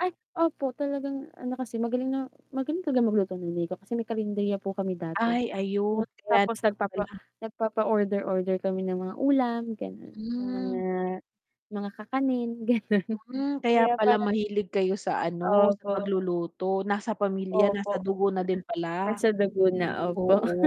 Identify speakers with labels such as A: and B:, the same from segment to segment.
A: Ay. Opo, talagang ano, kasi magaling na magaling talagang maglutong Nanay ko kasi may karinderya po kami dati,
B: Ay, ayun kaya
A: tapos
B: naman
A: nagpapa
B: pala.
A: nagpapa-order, order kami ng mga ulam, ganon, yung mga
B: Hmm.
A: mga kakanin, ganon,
B: Mm, kaya
A: kaya
B: pala
A: parang
B: mahilig kayo sa, ano, sa
A: Opo.
B: pagluluto nasa pamilya nasa
A: Opo,
B: dugo na din pala.
A: nasa dugo na. Opo.
B: Oo,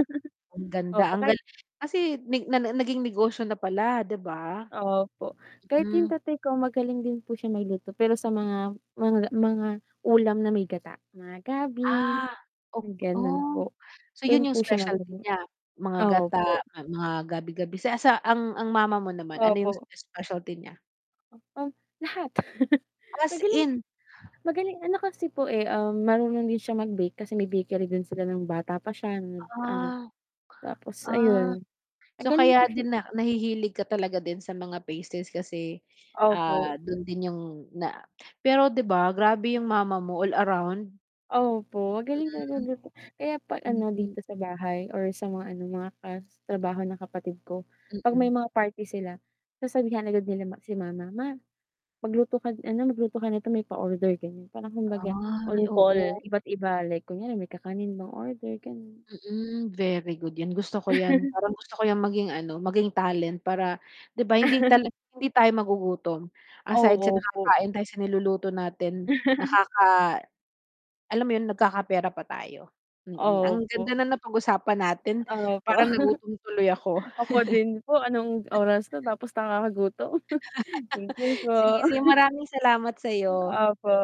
B: ang ganda,
A: Opo
B: ang
A: kahit
B: galing, kasi na naging negosyo na pala, 'di ba?
A: Opo, kahit yung
B: Mm.
A: tatay ko magaling din po siya may luto, pero sa mga mga mga ulam na may gata, mga gabi,
B: Ah, Op o,
A: ganun, po,
B: so,
A: dun
B: yun yung
A: po siya
B: specialty
A: magaling.
B: niya, mga gata,
A: Opo.
B: mga gabi -abi siya ang ang mama mo naman, ano, yung
A: Opo.
B: specialty niya?
A: Um, lahat.
B: As
A: magaling
B: in.
A: magaling, ano, kasi po eh, um, marunong din siya mag bake, kasi may bakery din sila ng bata pa siya, ano,
B: Ah,
A: tapos
B: ah,
A: ayun,
B: so,
A: magaling po
B: kaya
A: siya
B: din na nahihilig ka talaga din sa mga faces kasi,
A: Opo.
B: ah, dun din yung na Pero, 'di ba? Grabe yung mama mo, all around.
A: Opo, magaling talaga magluto, kaya pa ano,
B: Mhm.
A: dito sa bahay or sa mga, ano, mga trabaho ng kapatid ko, 'pag may
B: Mm.
A: mga party sila, sasabihan agad nila si mama. "Ma magluto ka, ano, magluto ka nito may pa-order, ganyan." parang kumbaga,
B: Ay
A: on call
B: oo.
A: iba't iba like kunyari may kakanin bang order, gano'n.
B: Mm, very good yan, gusto ko yan parang gusto ko yan maging, ano, maging talent para, 'di ba? Hindi ta hindi tayo magugutom aside sa
A: Oo po.
B: nakakain tayo sa niluluto natin nakaka Alam mo yun? Nagkakapera pa tayo. Mm, ang ganda
A: Opo.
B: na napag-usapan natin
A: Opo.
B: parang nagutom tuloy ako.
A: Ako din po, anong oras ko tapos nakakagutom. Thank you
B: Sige,
A: po.
B: sige maraming salamat sa'yo.
A: Opo.